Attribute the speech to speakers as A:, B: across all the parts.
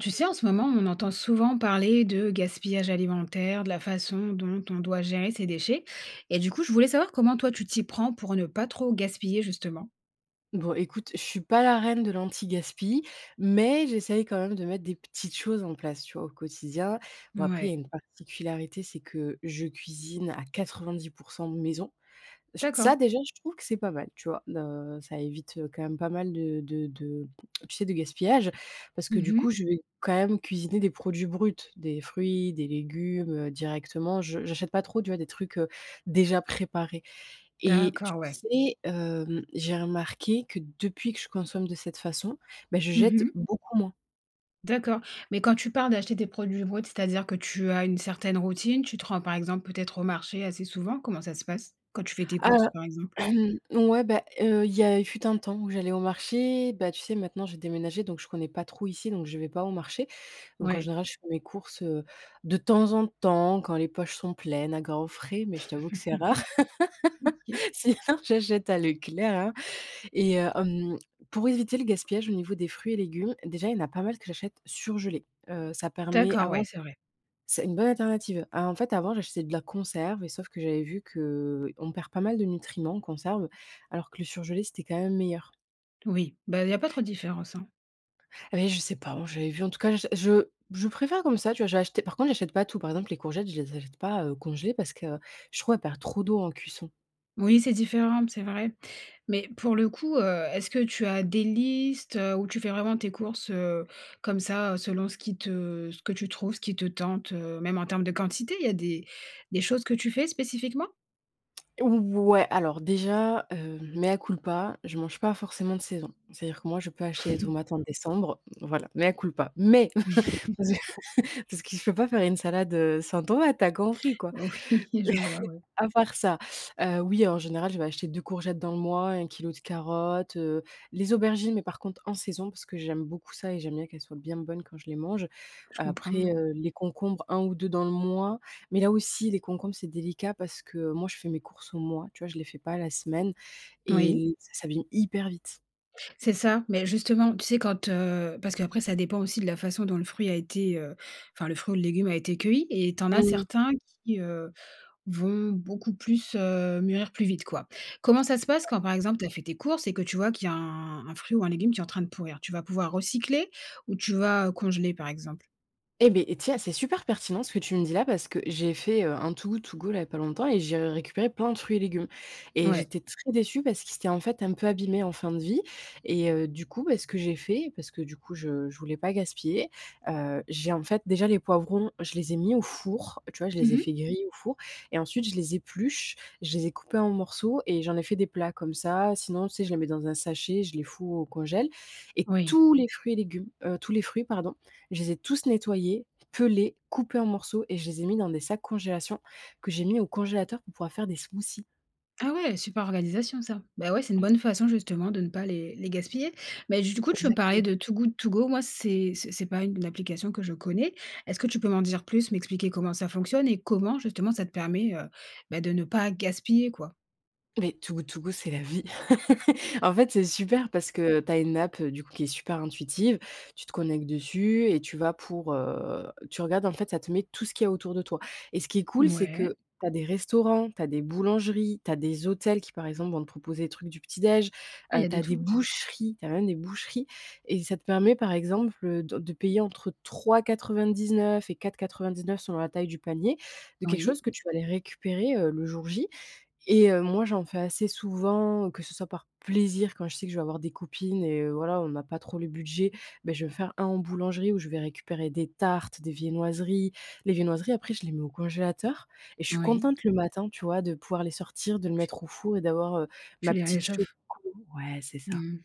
A: Tu sais, en ce moment, on entend souvent parler de gaspillage alimentaire, de la façon dont on doit gérer ses déchets et, du coup, je voulais savoir, comment toi tu t'y prends pour ne pas trop gaspiller, justement?
B: Bon, écoute, je suis pas la reine de l'anti-Gaspi, mais j'essaye quand même de mettre des petites choses en place, tu vois? Au quotidien. Bon, après, il y a
A: Ouais.
B: une particularité, c'est que je cuisine à 90 % maison. J
A: D'accord.
B: ça, déjà, je trouve que c'est pas mal, tu vois? N heu, ça évite, heu, quand même pas mal de de de tu sais? De gaspillage, parce que,
A: Mmh
B: du coup,
A: mh.
B: je vais quand même cuisiner des produits bruts, des fruits, des légumes, heu, directement, je j'achète pas trop, tu vois? Des trucs, heu, déjà préparés et, tu
A: D'accord, ouais.
B: sais, hem, j'ai remarqué que, depuis que je consomme de cette façon, beh, je
A: Mmh
B: jette
A: mh.
B: beaucoup moins.
A: D'accord, mais quand tu parles d'acheter tes produits bruts, c'est-à-dire que tu as une certaine routine, tu te rends, par exemple, peut-être, au marché assez souvent? Comment ça se passe quand tu fais tes
B: Ah,
A: courses, par exemple?
B: ouais, bah, heu, il y a fut un temps où j'allais au marché, bah, tu sais? Maintenant, j'ai déménagé, donc, je connais pas trop ici, donc, je vais pas au marché, donc, en
A: Ouais.
B: général, je fais mes courses, heu, de temps en temps, quand les poches sont pleines à Grand Frais mais je t'avoue que c'est rare,
A: OK.
B: sinon j'achète à Leclerc, hein, et, heu, hem, pour éviter le gaspillage, au niveau des fruits et légumes, déjà, il y en a pas mal que j'achète surgelés, heu, ça permet
A: D'accord, ouais,
B: avant
A: c'est vrai.
B: c'est une bonne alternative. A en fait, avant j'achetais de la conserve et sauf que j'avais vu qu'on perd pas mal de nutriments en conserve alors que le surgelé c'était quand même meilleur.
A: Oui, bah, il y a pas trop de différence, hein.
B: Et, beh, je sais pas, j'avais vu en tout cas, je je préfère comme ça, tu vois? J'ai acheté par contre, j'achète pas tout. Par exemple, les courgettes, je les achète pas, heu, congelées, parce que je trouve elles perdent trop d'eau en cuisson.
A: Oui, c'est différent, c'est vrai. Mais pour le coup, heu, est-ce que tu as des listes, heu, ou tu fais vraiment tes courses, heu, comme ça, heu, selon ce qui te ce que tu trouves, ce qui te tente, heu? Même en termes de quantité, il y a des des choses que tu fais spécifiquement?
B: Ouais, alors déjà, heu, mea culpa. Je mange pas forcément de saison. C'est-à-dire que moi, je peux acheter des tomates en décembre, voilà, mea culpa. Mais, parce que parce que je peux pas faire une salade, heu, sans tomate, t'as compris quoi?
A: Oui. Je vois, oui.
B: À part ça, heu, oui, en général, je vais acheter 2 courgettes dans le mois, 1 kilo de carottes, heu. Les aubergines, mais par contre, en saison, parce que j'aime beaucoup ça et j'aime bien qu'elles soient bien bonnes quand je les mange.
A: Je comprends,
B: Après,
A: ouais.
B: heu, les concombres, 1 ou 2 dans le mois, mais là aussi, les concombres, c'est délicat parce que, heu, moi je fais mes courses au mois, tu vois? Je les fais pas à la semaine et
A: Oui.
B: l ça s'abîme hyper vite.
A: C'est ça. Mais justement, tu sais, quand, heu parce qu'après ça dépend aussi de la façon dont le fruit a été, heu enfin, le fruit ou le légume, a été cueilli. Et t'en as
B: Mmh mh.
A: certains qui, heu, vont beaucoup plus, heu mûrir plus vite, quoi. Comment ça se passe
B: Ouais.
A: quand, par exemple, t'as fait tes courses et que tu vois qu'il y a un un fruit ou un légume qui est en train de pourrir? Tu vas pouvoir recycler? Ou tu vas, heu, congeler, par exemple?
B: Et, beh, et tiens c'est super pertinent ce que tu me dis là parce que j'ai fait, heu, un Too Good To Go, là, il y a pas longtemps et j'ai récupéré plein de fruits et légumes. Et
A: Ouais.
B: j'étais très déçue parce qu'ils étaient, en fait, un peu abîmés, en fin de vie. Et, heu, du coup, bah, ce que j'ai fait parce que du coup je je voulais pas gaspiller, heu, j'ai en fait déjà les poivrons, je les ai mis au four, tu vois? Je les
A: Mmh
B: ai
A: mh.
B: fait griller au four et ensuite je les épluche. Je les ai coupés en morceaux et j'en ai fait des plats. Comme ça, sinon, tu sais, je les mets dans un sachet, je les fous au congèle. Et
A: Oui.
B: tous les fruits et légumes, heu, tous les fruits pardon, je les ai tous nettoyés, pelés, coupés en morceaux et je les ai mis dans des sacs congélation, que j'ai mis au congélateur, pour pouvoir faire des smoothies.
A: Ah ouais. Super organisation, ça. Ben ouais, c'est une bonne façon justement de ne pas les les gaspiller. Beh, du coup, tu veux me parlais,
B: Exactement.
A: de Too Good To Go. Moi c'est c'est c'est pas une application que je connais. Est-ce que tu peux m'en dire plus, m'expliquer comment ça fonctionne et comment, justement, ça te permet, heu, bah, de ne pas gaspiller, quoi?
B: Mais Too Good To Go, c'est la vie. En fait, c'est super parce que, heu, tu as une app, heu, du coup, qui est super intuitive. Tu te connectes dessus et tu vas pour, heu, tu regardes en fait ça te met tout ce qu'il y a autour de toi. Et ce qui est cool, c'est
A: Mouais.
B: que tu as des restaurants, tu as des boulangeries, tu as des hôtels qui, par exemple, vont te proposer des trucs du petit déj,
A: Ah il y
B: heu,
A: a
B: tu
A: de
B: as des
A: tout.
B: boucheries tu as même des boucheries. Et ça te permet, par exemple, heu, do de payer entre 3,99 et 4,99 selon la taille du panier, de quelque
A: Oui.
B: chose que tu vas aller récupérer, heu, le jour J. Et, heu, moi j'en fais assez souvent, que ce soit par plaisir quand je sais que je vais avoir des copines et heu, voilà, on n'a pas trop le budget, beh je vais faire un en boulangerie où je vais récupérer des tartes, des viennoiseries. Les viennoiseries après je les mets au congélateur et je suis
A: Oui.
B: contente le matin, tu vois, de pouvoir les sortir, de le
A: Tu
B: mettre au four et d'avoir, heu,
A: Tu
B: ma
A: les
B: petite choco.
A: réchauffes.
B: Ouais, c'est ça.
A: Mmh.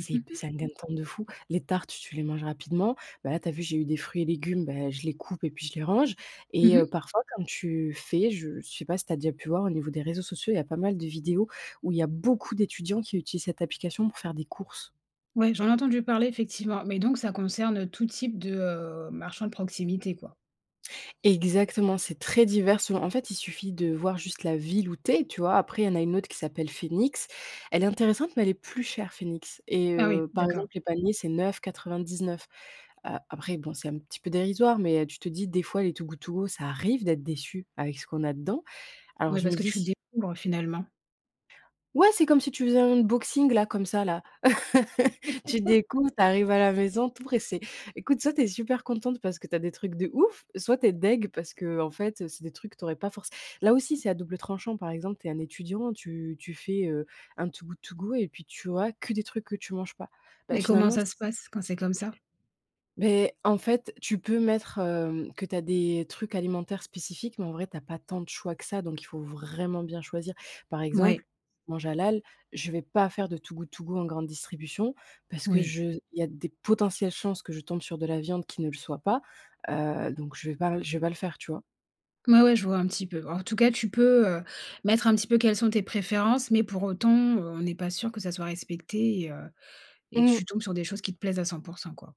B: C'est hyp c'est un gain de temps de fou. Les tartes, tu les manges rapidement. Bah là, tu as vu, j'ai eu des fruits et légumes. Bah, je les coupe et puis je les range
A: Mmh
B: et heu,
A: mh.
B: parfois, comme tu fais. Je sais pas si tu as déjà pu voir, au niveau des réseaux sociaux, il y a pas mal de vidéos où il y a beaucoup d'étudiants qui utilisent cette application pour faire des courses.
A: Ouais, j'en ai entendu parler, effectivement, mais donc, ça concerne tout type de, hem, marchand de proximité, quoi?
B: Exactement, c'est très divers souvent. En fait, il suffit de voir juste la ville où tu es, tu vois? Après, il y en a une autre qui s'appelle Phoenix. Elle est intéressante, mais elle est plus chère, Phoenix et
A: Ah oui?
B: heu, par
A: D'accord.
B: exemple, les paniers, c'est 9,99, heu, après, bon, c'est un petit peu dérisoire, mais tu te dis, des fois les Too Good To Go, ça arrive d'être déçu, avec ce qu'on a dedans. Alors
A: Ouais,
B: je me
A: parce que
B: dis
A: tu
B: si
A: découvres finalement.
B: Ouais, c'est comme si tu faisais un unboxing là comme ça, là. Tu découvres, tu arrives à la maison, tout pressée. Écoute, soit tu es super contente, parce que tu as des trucs de ouf, soit tu es dégoutée parce que, heu, en fait, c'est des trucs que tu aurais pas forcé là aussi, c'est à double tranchant, par exemple, tu es un étudiant, tu tu fais, heu, un Too Good To Go et puis tu vois que des trucs que tu manges pas, beh,
A: Mais comment
B: finalement, c
A: ça se passe quand c'est comme ça?
B: beh, en fait, tu peux mettre, hem, que tu as des trucs alimentaires spécifiques, mais en vrai tu as pas tant de choix que ça, donc il faut vraiment bien choisir. Par exemple,
A: Mouais.
B: je mange halal, je vais pas faire de Too Good To Go en grande distribution, parce que
A: Oui.
B: je il y a des potentielles chances que je tombe sur de la viande qui ne le soit pas, heu, donc je vais le pas je vais pas le faire, tu vois?
A: Ouais, ouais, je vois un petit peu. En tout cas tu peux, heu, mettre un petit peu quelles sont tes préférences, mais pour autant, heu, on n'est pas sûr que ça soit respecté et heu et que
B: Mmh.
A: tu tombes sur des choses qui te plaisent à 100 % quoi.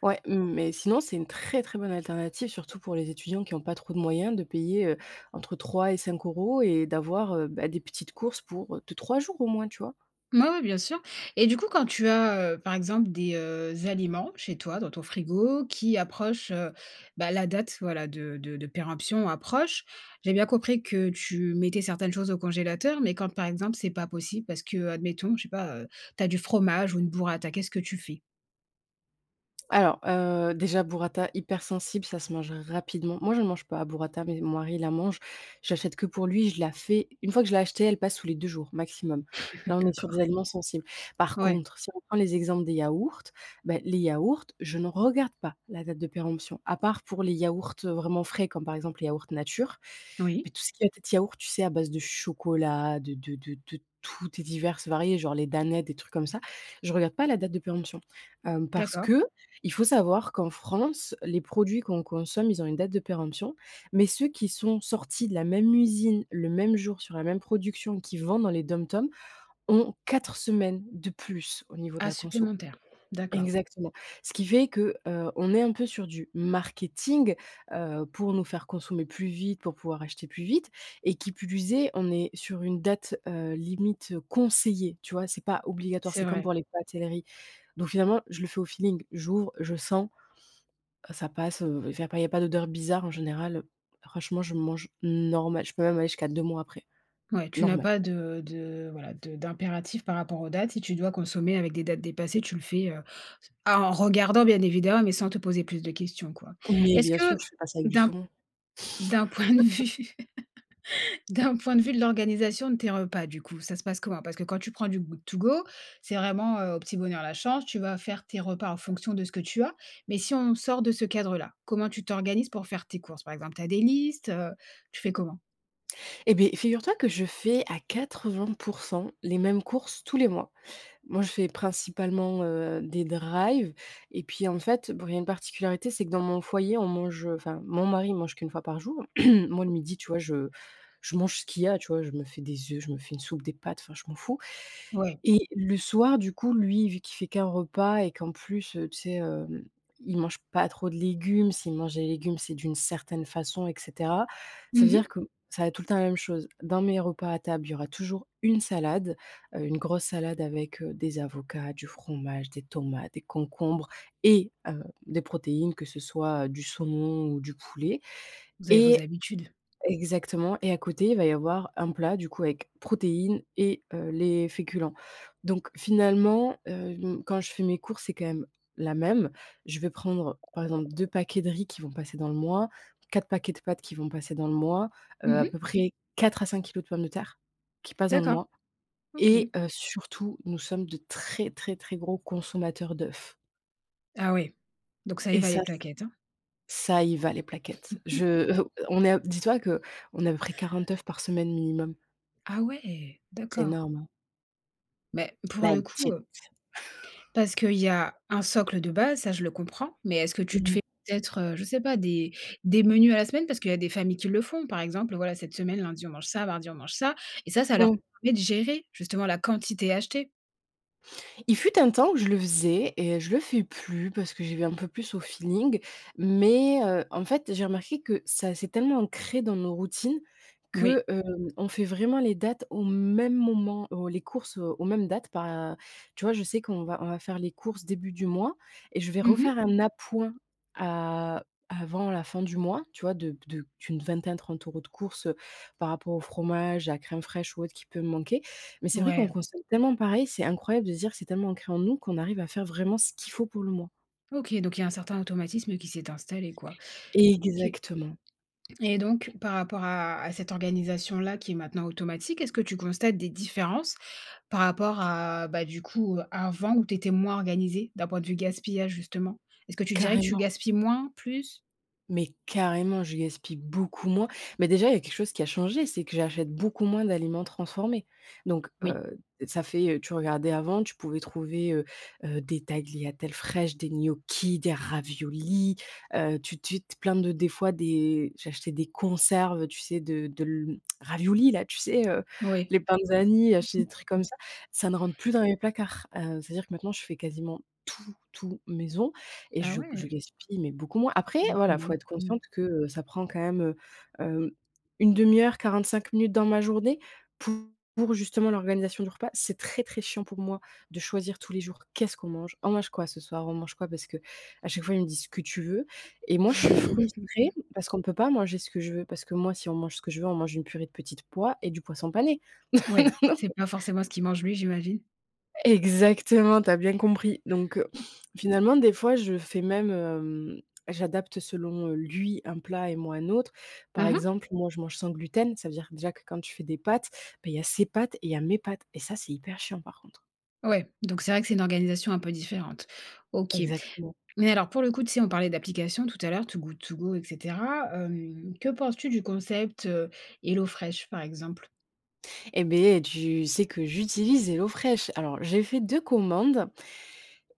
B: Ouais mais sinon c'est une très, très bonne alternative. Surtout pour les étudiants qui ont pas trop de moyens. De payer, heu, entre 3 et 5 euros et d'avoir, heu, beh, des petites courses pour, heu, 2-3 jours au moins, tu vois?
A: Oui oui, bien sûr. Et du coup quand tu as, heu, par exemple, des, heu, aliments chez toi dans ton frigo qui approchent, heu, bah, la date, voilà de de de péremption approche, j'ai bien compris que tu mettais certaines choses au congélateur, mais quand, par exemple, c'est pas possible parce que, admettons, je sais pas, heu, tu as du fromage ou une Burrata, qu'est-ce que tu fais?
B: Alors, heu, déjà, Burrata hypersensible, ça se mange rapidement. Moi j'en mange pas, Burrata, mais mon mari il en mange. J'achète que pour lui, je la fais, une fois que je l'ai acheté elle passe sous les 2 jours maximum, là on est sur
A: D'accord.
B: des aliments sensibles. Par
A: Ouais.
B: contre, si on prend les exemples des yaourts, bah, les yaourts, je ne regarde pas la date de péremption, à part pour les yaourts vraiment frais, comme par exemple les yaourts nature. Mais
A: Oui.
B: tout ce qui va être yaourts, tu sais, à base de chocolat, de de de de toutes et diverses variées genre les Danettes, des trucs comme ça, je regarde pas la date de péremption. Hem, parce
A: D'accord.
B: que, il faut savoir qu'en France, les produits qu'on consomme, ils ont une date de péremption, mais ceux qui sont sortis de la même usine, le même jour, sur la même production, qu'ils vendent dans les DOM-TOM, ont 4 semaines de plus au niveau de
A: Ah,
B: la conso.
A: supplémentaire. D'accord.
B: Exactement. Ce qui fait que, heu, on est un peu sur du marketing, heu, pour nous faire consommer plus vite, pour pouvoir acheter plus vite. Et qui plus est, on est sur une date, heu, limite, conseillée, tu vois, c'est pas obligatoire. C'est
A: C'est
B: comme
A: vrai.
B: pour les pâtes et le riz. Donc finalement, je le fais au feeling: j'ouvre, je sens, heu, ça passe, heu, enfin il y a pas y a pas d'odeur bizarre. En général, franchement, je mange normal. Je peux même aller jusqu'à 2 mois après.
A: Ouais, tu n'as
B: Normal.
A: pas de de, voilà, de d'impératifs par rapport aux dates. Si tu dois consommer avec des dates dépassées, tu le fais, heu, ah, en regardant bien évidemment, mais sans te poser plus de questions, quoi.
B: Oui,
A: Est-ce
B: bien sûr,
A: que
B: je fais pas ça avec du
A: d'un
B: saumon.
A: d'un point de vue, d'un point de vue de l'organisation de tes repas, du coup ça se passe comment? Parce que quand tu prends du good to go c'est vraiment, heu, au petit bonheur la chance. Tu vas faire tes repas en fonction de ce que tu as. Mais si on sort de ce cadre là, comment tu t'organises pour faire tes courses par exemple? Tu as des listes? Heu, tu fais comment?
B: Eh beh, figure-toi que je fais à 80 % les mêmes courses tous les mois. Moi, je fais principalement, heu, des drives. Et puis, en fait, bon, il y a une particularité, c'est que dans mon foyer, on mange enfin, mon mari mange qu'1 fois par jour. Moi, le midi, tu vois, je je mange ce qu'il y a, tu vois. Je me fais des œufs, je me fais une soupe, des pâtes enfin je m'en fous.
A: Ouais.
B: Et le soir, du coup, lui, vu qu'il fait qu'1 repas et qu'en plus, heu, tu sais, heu, il mange pas trop de légumes. S'il mange des légumes, c'est d'une certaine façon, et cetera. Ça
A: Mmh
B: veut dire
A: mh.
B: que ça va être tout le temps la même chose. Dans mes repas à table, il y aura toujours une salade, heu, une grosse salade avec, heu, des avocats, du fromage, des tomates, des concombres et, heu, des protéines que ce soit du saumon ou du poulet
A: Vous avez vos
B: et
A: habitudes.
B: exactement et à côté il va y avoir un plat du coup avec protéines et, heu, les féculents. Donc finalement, hem, quand je fais mes courses c'est quand même la même, je vais prendre par exemple, 2 paquets de riz qui vont passer dans le mois, 4 paquets de pâtes qui vont passer dans le mois, heu,
A: Mmh
B: à
A: mh.
B: peu près 4 à 5 kilos de pommes de terre, qui passent dans le
A: D'accord.
B: mois. Et,
A: OK.
B: heu, surtout nous sommes de très très très gros consommateurs d'œufs.
A: Ah oui. Donc ça y
B: Et
A: va les
B: ça
A: plaquettes, hein.
B: ça y va les plaquettes. Je, heu, on est dis-toi que, on est à peu près 40 œufs par semaine minimum.
A: Ah ouais.
B: C'est
A: D'accord.
B: énorme.
A: Mais, pour
B: Là,
A: le
B: de
A: coup,
B: cette
A: heu Parce qu'il y a un socle de base, ça, je le comprends. Mais est-ce que tu te
B: Mmh.
A: fais peut-être, heu, je sais pas des des menus à la semaine? Parce qu'il y a des familles qui le font. Par exemple, heu, voilà, cette semaine, lundi, on mange ça, mardi, on mange ça et ça, ça leur
B: Mmh.
A: permet de gérer justement la quantité achetée.
B: Il fut un temps, où je le faisais et je le fais plus parce que j'y vais un peu plus au feeling, mais, heu, en fait, j'ai remarqué que ça s'est tellement ancré dans nos routines
A: Oui.
B: que, hem, on fait vraiment les dates au même moment, heu, les courses, heu, aux mêmes dates, pas tu vois, je sais qu'on va on va faire les courses début du mois et je vais
A: Mmh mh.
B: refaire un appoint a avant la fin du mois, tu vois? De p de d'une vingtaine, 30 € de courses, heu, par rapport au fromage, la crème fraîche ou autre qui peut me manquer. Mais c'est vrai qu'on
A: Ouais.
B: consomme tellement pareil. C'est incroyable de se dire c'est tellement ancré en nous qu'on arrive à faire vraiment ce qu'il faut pour le mois.
A: OK, donc il y a un certain automatisme qui s'est installé, quoi. OK
B: Exactement.
A: et donc par rapport à à cette organisation-là qui est maintenant automatique, est-ce que tu constates des différences par rapport à, bah, du coup, avant où tu étais moins organisée? D'un point de vue gaspillage justement? Est-ce que tu dirais que tu
B: Carrément.
A: gaspilles moins, plus?
B: Mais carrément, je gaspille beaucoup moins. Mais déjà, il y a quelque chose qui a changé, c'est que j'achète beaucoup moins d'aliments transformés. Donc,
A: Oui.
B: heu, ça fait, heu, tu regardais avant, tu pouvais trouver, heu heu, des tagliatelles fraîches, des gnocchis, des raviolis. Heu, tu tu te plein de des fois des j'achetais des conserves, heu, tu sais, de de l raviolis-là, tu sais, heu,
A: Oui.
B: les Panzani, acheter des trucs comme ça. Ça ne rentre plus dans mes placards. Heu, c'est-à-dire que, maintenant je fais quasiment tout, tout maison et je
A: Ah
B: g je
A: ouais.
B: gaspille mais beaucoup moins. Après,
A: Donc
B: voilà, il faut
A: moins,
B: être
A: mmh.
B: consciente que, heu, ça prend quand même, heu, hem, 1/2 heure, 45 minutes dans ma journée pour justement l'organisation du repas. C'est très très chiant pour moi de choisir tous les jours «Qu'est-ce qu'on mange? On mange quoi ce soir?» On mange quoi parce qu'à chaque fois, il me dit: «Ce que tu veux» et moi je suis frustrée parce qu'on peut pas manger ce que je veux. Parce que moi, si on mange ce que je veux, on mange une purée de petites pois et du poisson pané.
A: Ouais, c'est pas forcément ce qu'il mange, lui, j'imagine.
B: Exactement, tu as bien compris. Donc heu, finalement des fois je fais même, hem, j'adapte selon, heu, lui un plat et moi un autre. Par
A: Mmh mh.
B: exemple, moi je mange sans gluten, ça veut dire que déjà que quand je fais des pâtes, ben il y a ses pâtes et il y a mes pâtes et ça c'est hyper chiant, par contre.
A: Ouais, donc c'est vrai que c'est une organisation un peu différente. OK.
B: Exactement.
A: Mais alors pour le coup tu sais on parlait d'applications tout à l'heure Too Good To Go, et cetera. Hem, que penses-tu du concept, heu, HelloFresh par exemple?
B: Eh beh, tu sais que j'utilise HelloFresh! Alors j'ai fait 2 commandes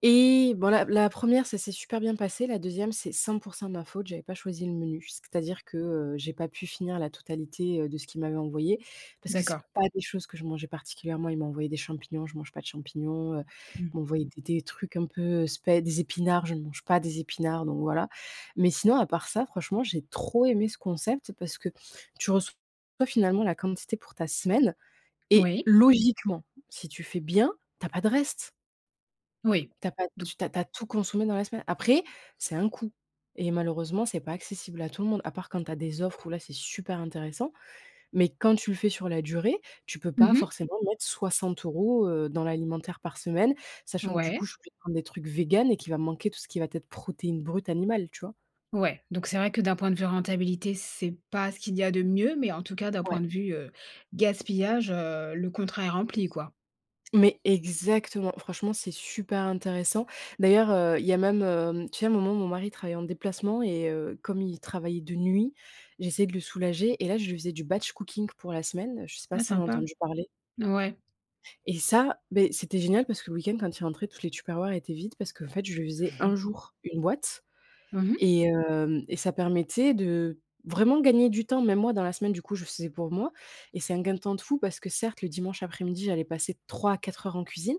B: et bon, la la 1re ça s'est super bien passé, la 2e c'est 100% de ma faute, j'avais pas choisi le menu, c'est-à-dire que, heu, j'ai pas pu finir la totalité, heu, de ce qu'ils m'avaient envoyé parce que c'est
A: D'accord.
B: pas des choses que je mangeais particulièrement, ils m'ont envoyé des champignons, je mange pas de champignons, heu,
A: Mmh.
B: ils m'ont envoyé des des trucs un peu spè des épinards, je ne mange pas des épinards donc, voilà. Mais sinon à part ça franchement j'ai trop aimé ce concept parce que tu reçois finalement la quantité pour ta semaine et
A: Oui.
B: logiquement si tu fais bien, tu as pas de restes
A: Oui,
B: tu as pas
A: don
B: tu tu as pas tout consommé dans la semaine. Après, c'est un coût et malheureusement c'est pas accessible à tout le monde à part quand tu as des offres où là, c'est super intéressant, mais quand tu le fais sur la durée, tu peux
A: Mmh
B: pas
A: mh.
B: forcément mettre 60 euros, heu, dans l'alimentaire par semaine, sachant que du
A: Ouais.
B: coup je suis obligée de prendre des trucs végans et qui va me manquer tout ce qui va être protéine brute animale, tu vois?
A: Ouais, donc c'est vrai que d'un point de vue rentabilité, c'est pas ce qu'il y a de mieux, mais en tout cas d'un
B: Ouais.
A: point de vue, heu, gaspillage, heu, le contrat est rempli, quoi.
B: Mais exactement. Franchement c'est super intéressant. D'ailleurs, heu, il y a même, heu, tu sais un moment mon mari travaillait en déplacement et heu, comme il travaillait de nuit, j'essayais de le soulager et là, je lui faisais du batch cooking pour la semaine, je sais pas
A: Ouais,
B: si t'en as
A: sympa.
B: entendu parler?
A: Ouais.
B: Et ça, beh c'était génial parce que le week-end quand il rentrait toutes les tupperwares étaient vides parce qu'en fait je lui faisais 1 jour 1 boîte
A: Mmh mh.
B: et hem, et ça permettait de, vraiment gagner du temps. Même moi dans la semaine du coup, je faisais pour moi et c'est un gain de temps de fou parce que certes le dimanche après-midi j'allais passer 3 à 4 heures en cuisine,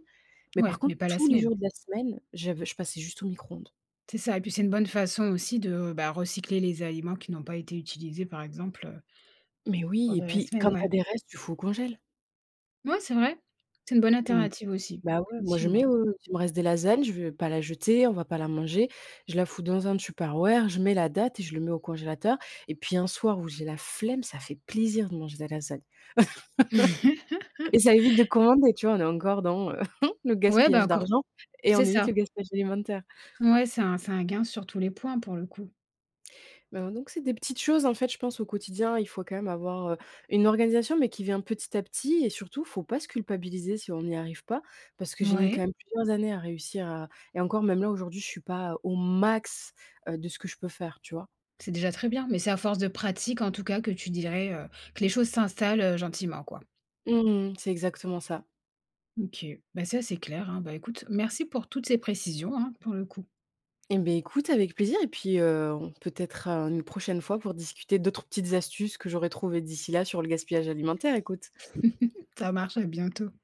B: mais par
A: Ouais, mais
B: contre
A: pas la
B: tous les
A: semaine.
B: jours de la semaine, j'avais je passais juste au micro-ondes.
A: C'est ça et puis c'est une bonne façon aussi de, bah recycler les aliments qui n'ont pas été utilisés par exemple, heu
B: Mais oui, et
A: pendant la
B: puis quand
A: semaine,
B: tu as
A: ouais.
B: des restes, tu fous au congélateur!
A: Mouais, c'est vrai, c'est une bonne
B: Mmh.
A: alternative aussi.
B: Bah ouais, moi je
A: Effectivement.
B: mets, heu si il me reste des lasagnes, je vais pas la jeter, on va pas la manger, je la fous dans un tupperware, je mets la date et je le mets au congélateur. Et puis un soir où j'ai la flemme ça fait plaisir de manger de la lasagne. Et ça évite de commander, tu vois on est encore dans, heu, le
A: Ouais, bah
B: gaspillage
A: encore
B: d'argent et on
A: c'est
B: évite
A: ça.
B: le gaspillage alimentaire.
A: Ouais, c'est un c'est un gain sur tous les points, pour le coup.
B: Ben, donc c'est des petites choses en fait, je pense au quotidien, il faut quand même avoir, heu, une organisation mais qui vient petit à petit, et surtout, faut pas se culpabiliser si on n'y arrive pas, parce que j'ai mis quand
A: Ouais.
B: même plusieurs années à réussir à et encore même là aujourd'hui je suis pas, heu, au max, heu, de ce que je peux faire, tu vois?
A: C'est déjà très bien, mais c'est à force de pratique en tout cas que tu dirais, heu, que les choses s'installent, heu, gentiment, quoi?
B: Mmh mh. C'est exactement ça.
A: OK. Bah ça c'est clair, hein. Bah écoute merci pour toutes ces précisions, hein, pour le coup.
B: Eh beh, écoute avec plaisir et puis, heu, on peut-être à une prochaine fois pour discuter d'autres petites astuces que j'aurais trouvées d'ici là sur le gaspillage alimentaire, écoute.
A: Ça marche, à bientôt.